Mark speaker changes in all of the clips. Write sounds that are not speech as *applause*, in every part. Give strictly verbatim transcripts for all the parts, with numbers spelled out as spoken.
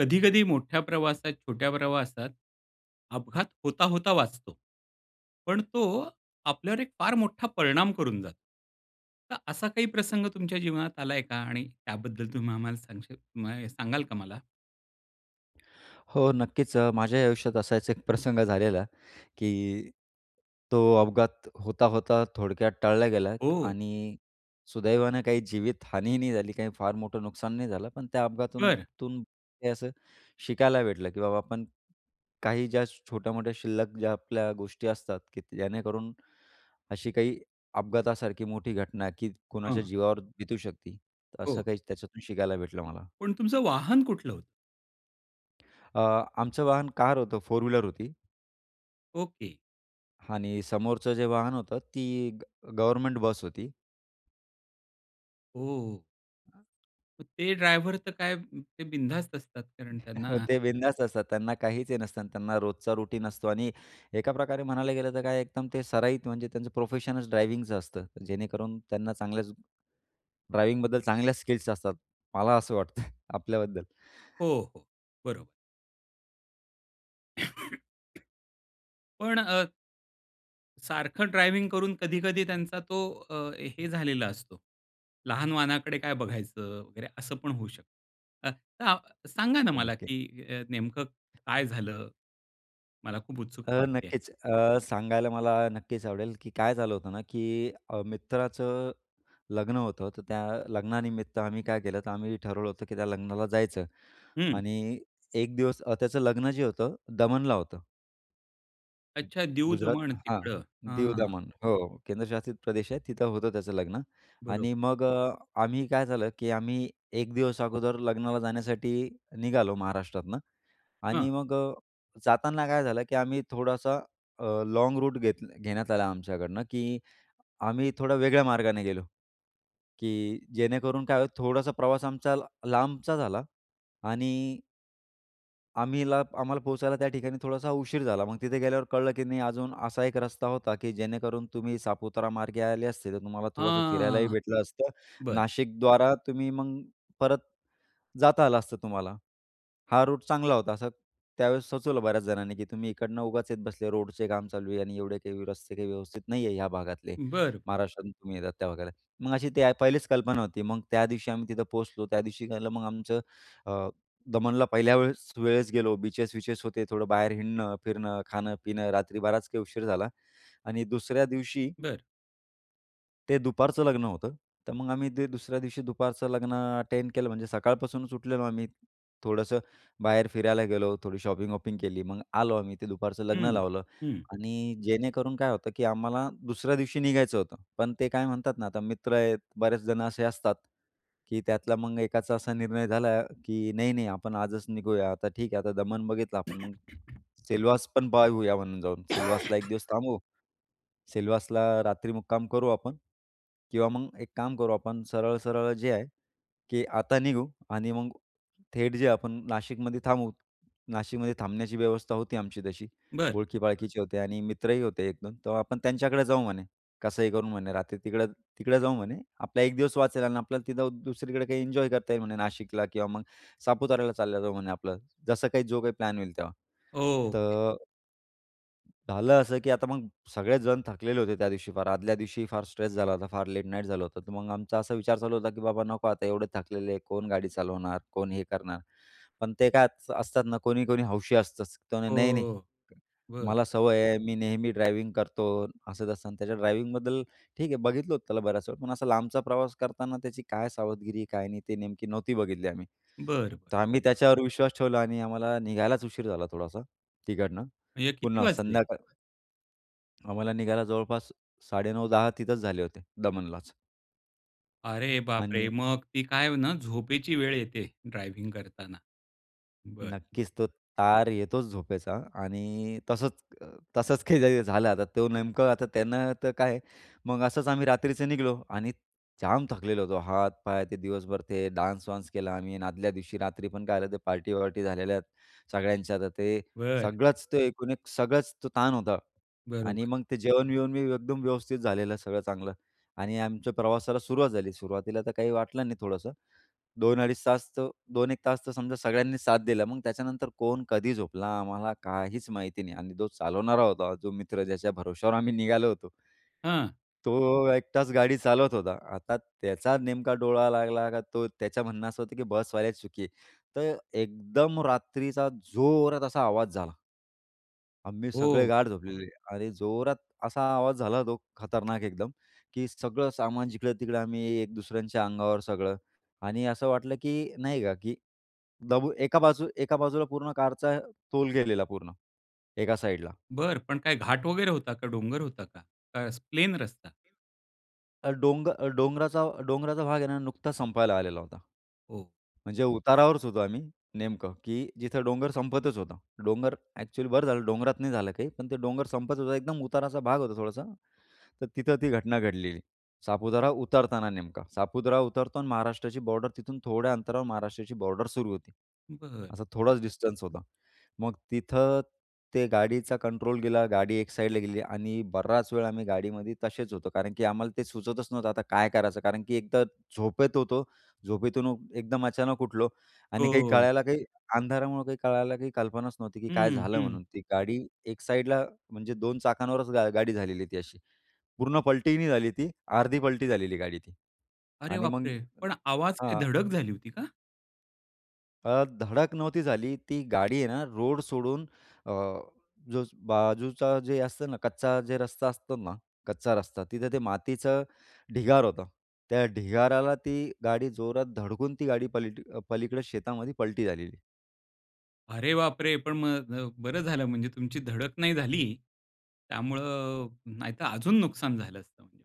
Speaker 1: कधी-कधी मोठ्या प्रवासात छोट्या प्रवासात अपघात होता, होता वाचतो. पण तो आपल्यावर एक फार मोठा परिणाम करून जातो. तर असा काही प्रसंग तुमच्या जीवनात आलाय का? आणि त्याबद्दल तुम्ही आम्हाला सांगशील माय सांगाल का मला?
Speaker 2: हो नक्कीच अ, माझ्याही आयुष्यात असाच एक प्रसंग झालेला, की तो अपघात होता-होता थोडक्यात टळला गेला
Speaker 1: हो.
Speaker 2: आणि सुदैवानं काही जीवितहानी नाही झाली, काही फार मोठं नुकसान नाही झालं पण त्या अपघातातून
Speaker 1: बरं.
Speaker 2: तून हे असं शिकायला भेटलं, की बाबा आपण काही ज्या छोट्या-मोठ्या शिल्लक ज्या आपल्या गोष्टी असतात की जेणेकरून, अशी काही अपघातासारखी मोठी घटना, की कोणाच्या
Speaker 1: हं.
Speaker 2: जीवावर बितू शकती, असं
Speaker 1: हो.
Speaker 2: काही त्याच्यातून शिकायला भेटलं मला.
Speaker 1: पण तुमचं वाहन कुठलं होतं?
Speaker 2: अ, आमचं वाहन कार होतं. फोर व्हीलर होती.
Speaker 1: ओके.
Speaker 2: आणि समोरचं जे वाहन होतं ती ग गव्हर्मेंट बस होती.
Speaker 1: हो. मग ते ड्रायव्हर तर काय ते बिनधास्त असतात. कारण
Speaker 2: *chuckles*
Speaker 1: त्यांना
Speaker 2: ते बिनधास्त असतात त्यांना काहीच हे नसतं, त्यांना रोजचा रूटीन असतो आणि एका प्रकारे म्हणायला गेलं, तर काय एकदम ते सराईत म्हणजे त्यांचं प्रोफेशनच ड्रायव्हिंगच असतं जेणेकरून त्यांना चांगल्याच ड्रायव्हिंगबद्दल चांगल्या स्किल्स असतात. मला असं वाटतंय *chuckles* आपल्याबद्दल.
Speaker 1: हो, हो बरोबर. *coughs* पण अ सारखं ड्रायव्हिंग करून, कधी-कधी त्यांचा तो अ, हे झालेला असतो. लहान वाहनाकडे काय बघायचं वगैरे, असं पण होऊ शकतं. अ, तर सांगा ना,
Speaker 2: हो,
Speaker 1: मला
Speaker 2: नक्की.
Speaker 1: की अ, नेमकं काय झालं? मला खूप
Speaker 2: अ,
Speaker 1: उत्सुकता वाटतेय.
Speaker 2: नक्कीच. अ, सांगायला मला नक्कीच आवडेल, की काय झालं होतं ना की अ, मित्राचं लग्न होतं. तर त्या लग्नानिमित्त आम्ही काय केलं, तर आम्ही ठरवलं होतं की त्या लग्नाला जायचं.
Speaker 1: हं.
Speaker 2: आणि एक दिवस त्याचं लग्न जे होतं, दमनला होतं. *unintelligible*
Speaker 1: अच्छा
Speaker 2: गुजरात.
Speaker 1: दीव-दमण
Speaker 2: हां,
Speaker 1: तिकडं. हां.
Speaker 2: दीवदमण. हो, केंद्रशासित प्रदेश आहे, तिथं होतं त्याचं लग्न.
Speaker 1: बरो
Speaker 2: आणि मग अ, आम्ही काय झालं, की आम्ही एक दिवस अगोदर लग्नाला जाण्यासाठी निघालो महाराष्ट्रातनं. आणि
Speaker 1: हां.
Speaker 2: मग अ, जाताना काय झालं की आम्ही थोडासा अ, लॉँग रूट घेत घेण्यात आला आमच्याकडनं. की आम्ही थोडं वेगळ्या मार्गाने गेलो, की जेणेकरून काय होईल थोडासा प्रवास आमचा ल लांबचा झाला. आणि आम्हीला आम्हाला, पोहोचायला त्या ठिकाणी थोडासा उशीर झाला. मग तिथे गेल्यावर कळलं की नाही अजून असा एक रस्ता होता की जेणेकरून तुम्ही सापुतारा मार्गे आले असते, तर तुम्हाला थोडंसं फिरायलाही
Speaker 1: हां,
Speaker 2: भेटलं असतं,
Speaker 1: बरं.
Speaker 2: नाशिकद्वारा तुम्ही मग परत जाता आलं असतं तुम्हाला. हा रूट चांगला होता असं त्यावेळेस सुचवलं बऱ्याच जणांनी की "तुम्ही इकडनं उगाच येत बसले, रोडचे काम चालू आहे आणि एवढे काही रस्ते काही व्यवस्थित नाही आहे, या भागातले,
Speaker 1: बरं.
Speaker 2: महाराष्ट्रातून तुम्ही येतात वगैरे त्या भागाला." मग अशी ती पहिलीच कल्पना होती. मग त्यादिवशी आम्ही तिथं पोहोचलो त्यादिवशी झालं मग आमचं अ, दमनला पहिल्या वेळेस वेळेस गेलो बीचेस-विचेस होते, थोडं बाहेर हिंडणं, फिरणं, खाणं-पिणं, रात्री बराच काही उशीर झाला. आणि दुसऱ्या दिवशी
Speaker 1: बरं.
Speaker 2: ते दुपारचं लग्न होतं. तर मग आम्ही ते दुसऱ्या दिवशी दुपारचं लग्न अटेंड केलं म्हणजे सकाळपासूनच उठलेलो आम्ही, थोडंसं बाहेर फिरायला गेलो, थोडी शॉपिंग-वॉपिंग केली. मग आलो आम्ही, ते दुपारचं लग्न
Speaker 1: हं,
Speaker 2: लावलं.
Speaker 1: हं.
Speaker 2: आणि जेणेकरून काय होतं, की आम्हाला दुसऱ्या दिवशी निघायचं होतं, पण ते काय म्हणतात ना आता मित्र आहेत बरेच जण असे असतात, की त्यातला मग एकाचा असा निर्णय झाला, की "नाही, नाही. आपण आजच निघूया. आता ठीक आहे. आता दमन बघितलं आपण मग,
Speaker 1: *coughs*
Speaker 2: सेलवास पण पाहूया म्हणून जाऊन सिलवासला एक
Speaker 1: *coughs*
Speaker 2: दिवस थांबू. सिलवासला रात्री मुक्काम करू आपण. किंवा मग एक काम करू आपण, सरळ-सरळ जे आहे की आता निघू आणि मग थेट जे आपण नाशिकमध्ये थांबू." नाशिकमध्ये थांबण्याची व्यवस्था होती आमची तशी,
Speaker 1: बरं.
Speaker 2: ओळखीपाळखीचे होते आणि मित्रही होते एक दोन. तर आपण त्यांच्याकडे जाऊ म्हणे. कसंही करून म्हणे रात्री तिकडं तिकडं जाऊ म्हणे, आपला एक दिवस वाचेल. आणि आपल्याला तिथं दुसरीकडे काही एन्जॉय करता येईल म्हणे नाशिकला. किंवा मग सापुताऱ्याला चालले जाऊ म्हणे आपलं, जसं काही जो काही प्लॅन होईल तेव्हा.
Speaker 1: ओके.
Speaker 2: तर झालं असं, की आता मग सगळेच जण थकलेले होते त्यादिवशी फार, आदल्या दिवशी फार स्ट्रेस झाला होता, फार लेट नाईट झालं होतं. तर मग आमचा असा विचार चालू होता, की "बाबा, नको आता एवढे थकलेले आहे कोण गाडी चालवणार? कोण हे करणार?" पण ते काय त, स असतात ना कोणी-कोणी हौशी असतचं, ते म्हणे "नाही, नाही.
Speaker 1: हो, बरं.
Speaker 2: मला सवय आहे, मी नेहमी ड्रायव्हिंग करतो." असं-तसं आणि त्याच्या ड्रायव्हिंगबद्दल ठीक आहे, बघितलं होतं त्याला बऱ्याच वेळा. पण असा लांबचा प्रवास करताना त्याची काय सावधगिरी, काय नाही? ते नेमकी नव्हती बघितली आम्ही,
Speaker 1: बरं, बरं.
Speaker 2: तर आम्ही त्याच्यावर विश्वास ठेवला. आणि आम्हाला निघायलाच उशीर झाला थोडासा, तिकडनं.
Speaker 1: म्हणजे किती
Speaker 2: पुन्हा
Speaker 1: वाजले?
Speaker 2: संध्याकाळ आम्हाला निघायला जवळपास, साडे नऊ दहा तिथेच झाले होते, दमनलाच.
Speaker 1: अरे बापरे!
Speaker 2: आणि
Speaker 1: मग ती काय ना, झोपेची वेळ येते ड्रायव्हिंग करताना. बरं.
Speaker 2: नक्कीच, तो तार येतोच झोपेचा. आणि तसंच अ, तसंच काही झालं आता, तो नेमकं आता त्यांना तर काय. मग असंच आम्ही रात्रीचं निघलो आणि जाम थकलेलो होतो. हात, पाय ते दिवसभर ते डान्स वान्स केला. आम्ही आदल्या दिवशी रात्री पण काय झालं होतं, ते पार्टी-वार्टी झालेल्या आहेत सगळ्यांच्या. तर ते
Speaker 1: बरं.
Speaker 2: सगळंच ते एकूण एक सगळंच तो ताण होता. आणि
Speaker 1: बरोबर.
Speaker 2: मग ते जेवण-बिवण मी एकदम व्यवस्थित झालेलं सगळं चांगलं आणि आमच्या प्रवासाला सुरुवात झाली. सुरुवातीला तर काही वाटलं नाही थोडंसं दोन अडीच तास तर दोन एक तास तर समजा सगळ्यांनी साथ दिला मग त्याच्यानंतर कोण कधी झोपला आम्हाला काहीच माहिती नाही. आणि तो चालवणारा होता, जो मित्र ज्याच्या भरवश्यावर आम्ही निघालो होतो.
Speaker 1: हां.
Speaker 2: तो एकटाच गाडी चालवत होता. आता त्याचा नेमका डोळा लागला का, तो त्याच म्हणणं असं होतं, की बसवाल्याची चुकी आहे. तर एकदम रात्रीचा जोरात असा आवाज झाला आम्ही सगळे
Speaker 1: हो.
Speaker 2: गाढ झोपलेले आणि जोरात असा आवाज झाला. तो खतरनाक एकदम, की सगळं सामान जिकडं-तिकडं. आम्ही एक-दुसऱ्यांच्या अंगावर सगळं. आणि असं वाटलं की नाही का, की दबून एका बाजूला एका बाजूला पूर्ण कारचा तोल गेलेला पूर्ण, एका साईडला.
Speaker 1: बरं. पण काय घाट वगैरे होता का? डोंगर होता का? का अ, प्लेन
Speaker 2: *unintelligible*
Speaker 1: रस्ता?
Speaker 2: अ, डोंग डोंगराचा डोंगराचा भाग आहे ना, नुकताच संपायला आलेला होता.
Speaker 1: हो.
Speaker 2: म्हणजे उतारावरच होतो आम्ही नेमकं की जिथं डोंगर संपतच होतं. डोंगर ॲक्चुअली बरं झालं डोंगरात नाही झालं काही, पण ते डोंगर संपतच होतं एकदम उताराचा भाग होता थोडासा. तर तिथं ती घटना घडलेली सापुतारा उतरताना नेमका. सापुतारा उतरतो आणि महाराष्ट्राची बॉर्डर तिथून थोड्या अंतरावर महाराष्ट्राची बॉर्डर सुरू होती.
Speaker 1: बरं.
Speaker 2: असा थोडाच डिस्टन्स होता. मग तिथं ते गाडीचा कंट्रोल गेला. गाडी एक साईडला गेली. आणि बराच वेळ आम्ही गाडीमध्ये तसेच होतो. कारण की आम्हाला ते सुचवतच नव्हतं आता काय करायचं? कारण की एकतर झोपेत होतो. झोपेतून एकदम अचानक उठलो आणि काही
Speaker 1: हो.
Speaker 2: कळायला काही अंधारामुळं काही कळायला काही कल्पनाच नव्हती, की काय
Speaker 1: हं,
Speaker 2: झालं
Speaker 1: हं.
Speaker 2: म्हणून ती गाडी एक साईडला म्हणजे दोन चाकांवरच गा गाडी झालेली ती अशी. पूर्ण पलटी नाही झाली ती, अर्धी पलटी झालेली गाडी ती
Speaker 1: अरे
Speaker 2: आणि मग
Speaker 1: बापरे! पण आवाज? काय
Speaker 2: हां.
Speaker 1: धडक झाली होती का?
Speaker 2: अ, धडक नव्हती झाली. ती गाडी आहे ना, रोड सोडून अ, जो बाजूचा जे असतं ना, कच्चा जे रस्ता असतो ना. कच्चा रस्ता, तिथं ते मातीचं ढिगार होतं. त्या ढिगाराला ती गाडी जोरात धडकून ती गाडी पलटी पलीकडे शेतामध्ये पलटी झालेली.
Speaker 1: अरे बापरे! पण मग अ, बरं झालं म्हणजे तुमची धडक नाही झाली. त्यामुळं नाहीतर अजून नुकसान झालं असतं म्हणजे.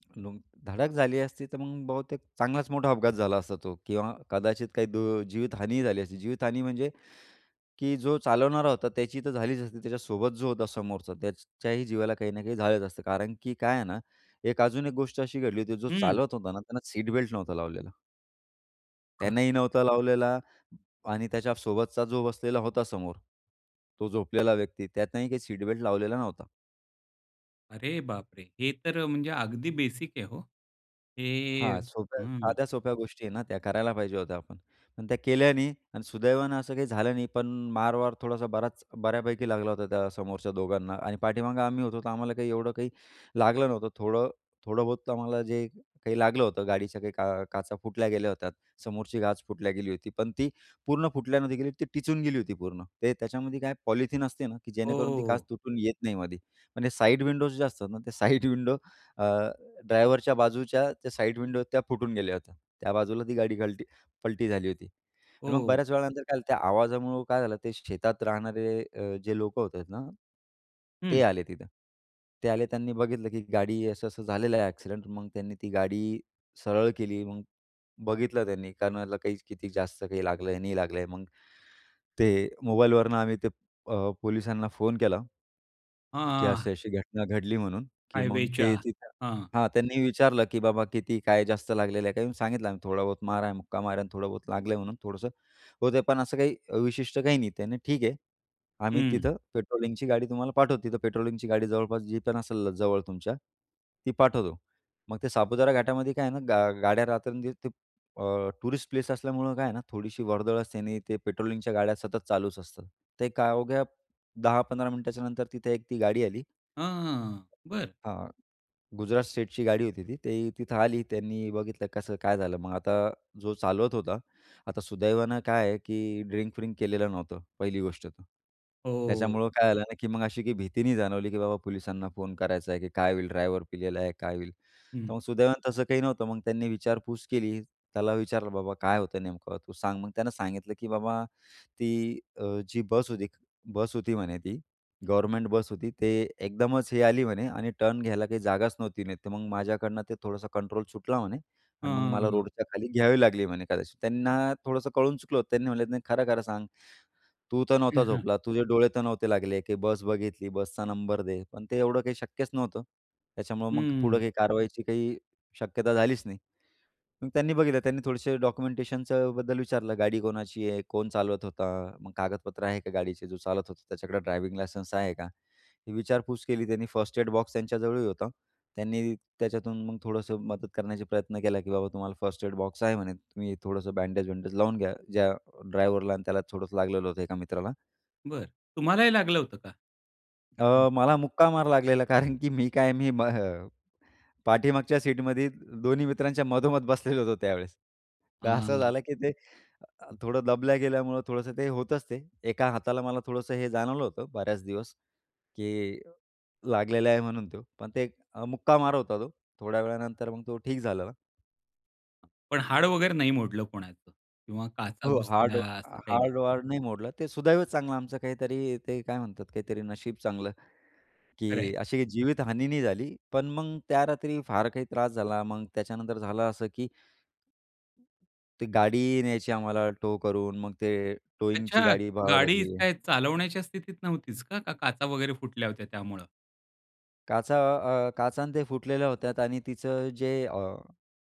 Speaker 2: *unintelligible* धडक झाली असती, तर मग बहुतेक चांगलाच मोठा अपघात झाला असता तो किंवा कदाचित काही दु जीवितहानीही झाली असती. जीवितहानी म्हणजे, की जो चालवणारा होता त्याची तर झालीच असती. त्याच्यासोबत जो होता समोरचा त्याच्याही जीवाला काही ना काही झालंच असतं. कारण की काय आहे ना, एक अजून एक गोष्ट अशी घडली होती. जो
Speaker 1: हं.
Speaker 2: चालवत होता ना, त्यांना सीट बेल्ट नव्हता लावलेला.
Speaker 1: हां.
Speaker 2: त्यांनीही नव्हता लावलेला आणि त्याच्यासोबतचा जो बसलेला होता समोर, तो झोपलेला व्यक्ती त्यानंही काही सीट बेल्ट लावलेला नव्हता.
Speaker 1: अरे बापरे! हे तर म्हणजे अगदी बेसिक आहे हो. हे
Speaker 2: हां, सोप्या
Speaker 1: हं.
Speaker 2: साध्या सोप्या गोष्टी आहेत ना, त्या करायला पाहिजे होत्या आपण आणि त्या केल्या नाही आणि सुदैवानं असं काही झालं नाही. पण मार वार थोडासा बराच बऱ्यापैकी लागला होता त्या समोरच्या दोघांना आणि पाठीमागं आम्ही होतो. तर आम्हाला काही एवढं काही लागलं नव्हतं. थोडं थोडंबहुत आम्हाला जे काही लागलं होतं. गाडीच्या काही का काचा फुटल्या गेल्या होत्यात. समोरची काच फुटल्या गेली होती पण ती पूर्ण फुटल्या न गेली. ती टिचून गेली होती पूर्ण. ते त्याच्यामध्ये काय पॉलिथीन असते ना, की जेणेकरून ती काच
Speaker 1: हो.
Speaker 2: तुटून येत नाही मध्ये. पण साइड विंडोज जे असतात ना. ते साईड विंडो अ, ड्रायव्हरच्या बाजूच्या त्या साइड विंडो त्या फुटून गेल्या होत्या. त्या बाजूला ती गाडी कलटी पलटी झाली होती. आणि मग
Speaker 1: हो.
Speaker 2: बऱ्याच वेळानंतर काय झालं, त्या आवाजामुळं काय झालं, ते शेतात राहणारे अ, जे लोकं होते ना, ते
Speaker 1: हं.
Speaker 2: आले तिथं. ते आले त्यांनी बघितलं, की गाडी असं असं झालेलं आहे ॲक्सिडेंट. मग त्यांनी ती गाडी सरळ केली. मग बघितलं त्यांनी कोणाला काही किती जास्त काही लागलं आहे, नाही लागलं आहे. मग, ते मोबाईलवरून आम्ही ते अ, पोलिसांना फोन केला,
Speaker 1: हां,
Speaker 2: की
Speaker 1: हां.
Speaker 2: असं अशी घटना घडली म्हणून, की मग
Speaker 1: हायवेच्या.
Speaker 2: ते तिथं
Speaker 1: हं.
Speaker 2: हां, त्यांनी विचारलं, की "बाबा किती काय जास्त लागलेलं आहे?" काही सांगितलं आम्ही, "थोडाबहुत मार आहे. मुक्का मार आहे. थोडाबहुत लागलंय म्हणून थोडंसं" होतंय. पण असं काही विशिष्ट काही नाही. त्याने ठीक आहे. आम्ही
Speaker 1: हं.
Speaker 2: तिथं पेट्रोलिंगची गाडी तुम्हाला पाठवतो. तिथं पेट्रोलिंगची गाडी जवळपास जी पण असेल जवळ तुमच्या, ती पाठवतो. मग ते सापुतारा घाटामध्ये काय आहे ना, गा गाड्या रात्रंदिवस ते अ, टुरिस्ट प्लेस असल्यामुळं काय आहे ना, थोडीशी वर्दळ असते आणि ते पेट्रोलिंगच्या गाड्या सतत चालूच असतात. ते काय अवघ्या दहा पंधरा मिनिटाच्यानंतर तिथे एक ती गाडी आली.
Speaker 1: हां, हां. बरं.
Speaker 2: हां, गुजरात स्टेटची गाडी होती ती. ते तिथं आली. त्यांनी बघितलं कसं काय झालं. मग आता जो चालवत होता, आता सुदैवानं काय आहे, की ड्रिंक-व्रिंक केलेलं नव्हतं पहिली गोष्ट तर.
Speaker 1: हो.
Speaker 2: त्याच्यामुळं काय झालं ना, की मग अशी काही भीती नाही जाणवली, की बाबा पोलिसांना फोन करायचा आहे, की काय होईल? ड्रायव्हर पिलेला आहे काय होईल? तर
Speaker 1: हं.
Speaker 2: मग सुदैवानं तसं काही नव्हतं. मग त्यांनी विचारपूस केली. त्याला विचारलं, "बाबा काय होतं नेमकं तू सांग." मग त्यानं सांगितलं, की "बाबा ती अ, जी बस होती. बस होती" म्हणे "ती. गव्हर्नमेंट बस होती. ते एकदमच हे आली म्हणे आणि टर्न घ्यायला काही जागाच नव्हती नाही तर मग माझ्याकडनं ते थोडंसं कंट्रोल सुटला" म्हणे "आणि मग मला
Speaker 1: हं.
Speaker 2: रोडच्या खाली घ्यावी लागली म्हणे कदाचित." त्यांना थोडंसं कळून चुकलं. त्यांनी म्हणले, "नाही खरं खरं सांग. तू तर
Speaker 1: हं,
Speaker 2: नव्हता
Speaker 1: हं.
Speaker 2: झोपला? तुझे डोळे तर नव्हते लागले? की बस बघितली बसचा नंबर दे." पण ते एवढं काही शक्यच नव्हतं. त्याच्यामुळं मग पुढं
Speaker 1: हं.
Speaker 2: काही कारवाईची काही शक्यता झालीच नाही. मग त्यांनी बघितलं. त्यांनी थोडेसे डॉक्युमेंटेशनचं बद्दल विचारलं. गाडी कोणाची आहे? कोण चालवत होता? मग कागदपत्र आहे का गाडीचे? जो चालत होतं त्याच्याकडं ड्रायव्हिंग लायसन्स आहे का? हे विचारपूस केली त्यांनी. फर्स्ट एड बॉक्स त्यांच्याजवळही होता. त्यांनी त्याच्यातून मग थोडंसं मदत करण्याचे प्रयत्न केला, की बाबा तुम्हाला फर्स्ट एड बॉक्स आहे म्हणे. तुम्ही थोडंसं बँडेज-वँडेज लावून घ्या. ज्या ड्रायव्हरला आणि त्याला थोडंसं लागलेलं होतं एका मित्राला.
Speaker 1: बरं, तुम्हालाही लागलं होतं का?
Speaker 2: अ,
Speaker 1: हं.
Speaker 2: मला मुक्का मार लागलेला कारण की मी काय मी हं, पाठीमागच्या सीटमध्ये दोन्ही मित्रांच्या मधोमध बसलेलो होतो त्यावेळेस तर असं
Speaker 1: हां.
Speaker 2: झालं, की ते अ, थोडं दबल्या गेल्यामुळं थोडंसं ते होतच ते, एका हाताला मला थोडंसं हे जाणवलं होतं बऱ्याच दिवस, की लागलेला आहे म्हणून तो. पण ते मुक्का मार होता तो, थोड्या वेळानंतर मग तो ठीक झालेला.
Speaker 1: पण हाड वगैरे नाही मोडलं कोणाचं किंवा काचा
Speaker 2: हो, हाड
Speaker 1: घुसल्या असं काही नाही.
Speaker 2: हाड वाड नाही मोडलं. ते सुदैव चांगलं आमचं काहीतरी ते काय म्हणतात? काहीतरी नशीब चांगलं,
Speaker 1: खरं आहे.
Speaker 2: की अशी काही जीवित हानी नाही झाली. पण मग त्या रात्री फार काही त्रास झाला. मग त्याच्यानंतर झालं असं की ती गाडी न्यायची आम्हाला टो करून मग ते टोइंग ची
Speaker 1: अच्छा!
Speaker 2: गाडी पाहावी
Speaker 1: गाडी
Speaker 2: लागली.
Speaker 1: काय चालवण्याच्या स्थितीत नव्हतीच का? का काचा वगैरे फुटल्या होत्या त्यामुळं?
Speaker 2: काचा अ, काचा आणि ते फुटलेल्या होत्यात आणि तिचं जे अ,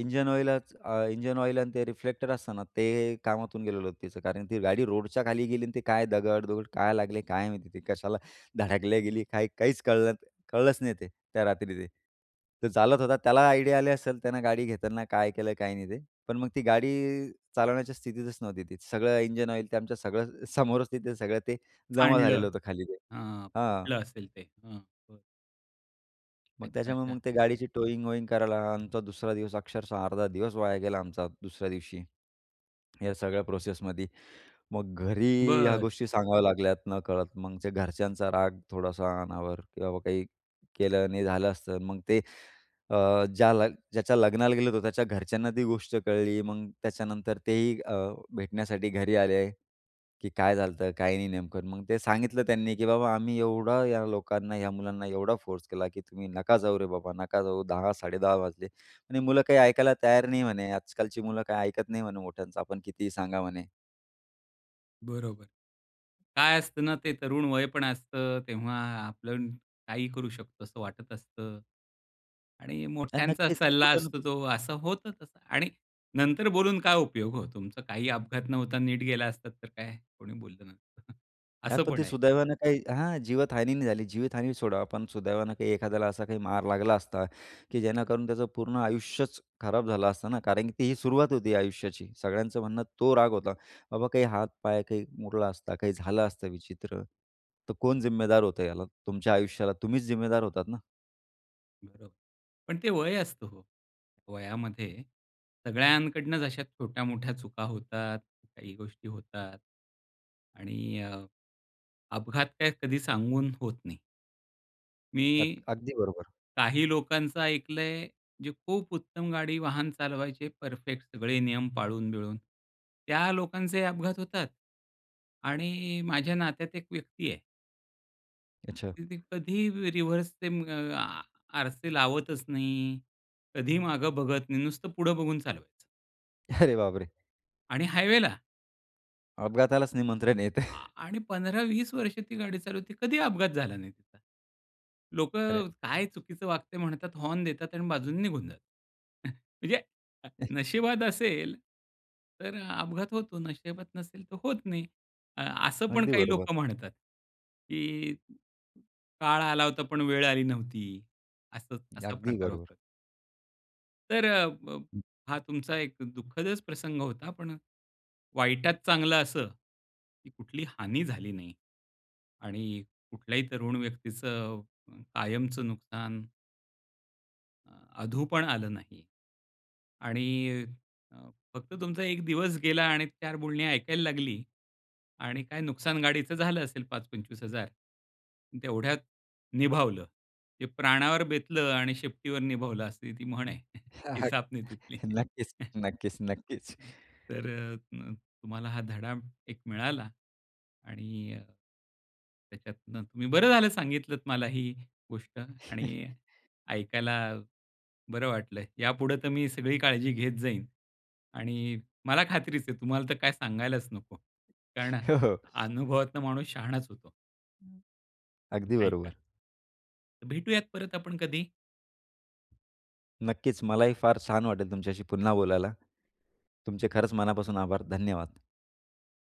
Speaker 2: इंजन ऑईलच अ, इंजन ऑईल आणि ते रिफ्लेक्टर असतं ना ते कामातून गेलेलं होतं तिचं. कारण ती गाडी रोडच्या खाली गेली आणि ती काय दगडदुगड काय लागले काय माहिती ते, कशाला धडकल्या गेली? काय, काहीच कळलं, कळलंच नाही ते, त्या रात्री ते. तर चालवत होता त्याला आयडिया आले असेल त्यानं गाडी घेताना काय केलं काय नाही ते. पण मग ती गाडी चालवण्याच्या स्थितीतच नव्हती ती. सगळं इंजिन ऑईल ते आमच्या सगळं समोरच तिथे सगळं ते जमा
Speaker 1: सांडलं.
Speaker 2: झालेलं होतं खाली ते
Speaker 1: हां,
Speaker 2: हां.
Speaker 1: फुटलं असेल ते. हं, बरं.
Speaker 2: मग
Speaker 1: अच्छा,
Speaker 2: त्याच्यामुळे
Speaker 1: अच्छा.
Speaker 2: मग ते गाडीची टोइंग-वोइंग करायला आमचा दुसरा दिवस अक्षरशः अर्धा दिवस वाया गेला आमचा दुसऱ्या दिवशी. या सगळ्या प्रोसेसमध्ये. मग घरी ह्या
Speaker 1: बरं.
Speaker 2: गोष्टी सांगाव्या लागल्यात नकळत. मग जे घरच्यांचा राग थोडासा अनावर की बाबा काही केलं आणि झालं असतं. मग ते अ, ज्या-ज्याच्या लग्नाला गेलो होतो, त्याच्या घरच्यांना ती गोष्ट कळली. मग त्याच्यानंतर तेही अ, भेटण्यासाठी घरी आले, की "काय झालंय, काही नेमकं?" मग ते सांगितलं त्यांनी, की "बाबा आम्ही एवढं या लोकांना, या मुलांना एवढा फोर्स केला की तुम्ही नका जाऊ रे बाबा, नका जाऊ. दहा साडे दहा वाजले आणि मुलं काही ऐकायला तयार नाही," म्हणे. "आजकालची मुलं काही ऐकत नाही," म्हणे, "मोठ्यांचं आपण कितीही सांगा," म्हणे.
Speaker 1: बरोबर. काय असतं ना ते तरुण वय पण असतं. तेव्हा आपण काही करू शकतो असं वाटत असतं. आणि
Speaker 2: अ,
Speaker 1: मोठ्यांचा
Speaker 2: नक्कीच,
Speaker 1: सल्ला
Speaker 2: कुठे ना
Speaker 1: असतो
Speaker 2: कुठे
Speaker 1: जो असं होतं तसं आणि नंतर बोलून काय उपयोग हो. तुमचा काही अपघात न होता नीट गेला असतात तर काय कोणी बोललं नसंत. *chuckles*
Speaker 2: हां,
Speaker 1: असं
Speaker 2: पण
Speaker 1: पण
Speaker 2: ती
Speaker 1: आहे.
Speaker 2: सुदैवानं काही हा जीवितहानी नाही झाली. जीवितहानी सोडा पण सुदैवानं काही एखाद्याला असा काही मार लागला असता, की जेणेकरून त्याचं पूर्ण आयुष्यच खराब झालं असतं ना. कारण की ती सुरुवात होती आयुष्याची. सगळ्यांचं म्हणणं तो राग होता. बाबा काही हात-पाय काही मोडला असता काही झालं असतं विचित्र तर कोण जिम्मेदार होतं याला? तुमच्या आयुष्याला तुम्हीच जिम्मेदार होतात ना.
Speaker 1: बरोबर. पण ते वय असतं हो. वयामध्ये सगळ्यांकडून अशा छोट्या-मोठ्या चुका होतात, काही गोष्टी होतात. आणि अ, अपघात काय कधी सांगून होत नाही. मी
Speaker 2: अग अगदी बरोबर.
Speaker 1: काही लोकांचं ऐकलंय जे खूप उत्तम गाडी वाहन चालवायचे परफेक्ट सगळे नियम पाळून-बिळून, त्या लोकांचे अपघात होतात. आणि माझ्या नात्यात एक व्यक्ती आहे
Speaker 2: अच्छा.
Speaker 1: तर ते कधी र रिव्हर्स ते म आ आरसे लावतच नाही, कधीही मागं बघत नाही, नुसतं पुढं बघून चालवायचं.
Speaker 2: *chuckles* अरे बापरे!
Speaker 1: आणि हायवेला. आ
Speaker 2: अपघातालाच निमंत्रण येतंय.
Speaker 1: आ आणि पंधरा वीस वर्ष ती गाडी चालू होती, कधीही अपघात झाला नाही तिचा.
Speaker 2: अरे
Speaker 1: लोकं काय चुकीचं वाक्य म्हणतात, हॉर्न देतात आणि बाजूने निघून जातात. *chuckles* म्हणजे अ,
Speaker 2: हं.
Speaker 1: नशीबात असेल तर अपघात होतो, नशीबात नसेल तर होत नाही. अ असं पण
Speaker 2: अगदी
Speaker 1: काही
Speaker 2: बरोबर.
Speaker 1: लोकं म्हणतात, की "काळ आला होता, पण वेळ आली नव्हती." असं असा
Speaker 2: अगदी
Speaker 1: प्रकार
Speaker 2: बरोबर.
Speaker 1: होता. तरं अ, ब
Speaker 2: हं.
Speaker 1: हा तुमचा एक दुःखदच प्रसंग होता. पण अ, वाईटात चांगलं असं, की कुठलीही हानी झाली नाही. आणि कुठल्याही तरुण व्यक्तीचं अ, कायमचं नुकसान अ, अधू पण आलं नाही आणि अ, फक्त तुमचा एक दिवस गेला आणि चार बोलणी ऐकायला लागली आणि काय नुकसान गाडीचं झालं असेल पाच पंचवीस हजार तेवढ्यात निभावलं. जे प्राणावर बेतलं आणि शेपटीवर निभावलं, अशी ती म्हण आहे. *chuckles*
Speaker 2: हां, हां.
Speaker 1: इसापनीतीतली.
Speaker 2: *chuckles* नक्कीच,
Speaker 1: *chuckles*
Speaker 2: नक्कीच, नक्कीच.
Speaker 1: तर अ, म तुम्हाला हा धडा एक मिळाला आणि त्याच्यातनं तुम्ही बरं झालं सांगितलंत मला ही गोष्ट आणि
Speaker 2: *chuckles*
Speaker 1: ऐकायला बरं वाटलं. यापुढं तर मी सगळी काळजी घेत जाईन आणि मला खात्रीच आहे तुम्हाला तर काय सांगायलाच नको. कारण
Speaker 2: हो, हो.
Speaker 1: अनुभवातून माणूस शहाणाच होतो.
Speaker 2: अगदी
Speaker 1: नाही का.
Speaker 2: बरोबर.
Speaker 1: भेटूयात परत आपण कधी?
Speaker 2: नक्कीच. मलाही फार छान वाटेल तुमच्याशी पुन्हा बोलायला. तुमचे खरंच मनापासून आभार, धन्यवाद.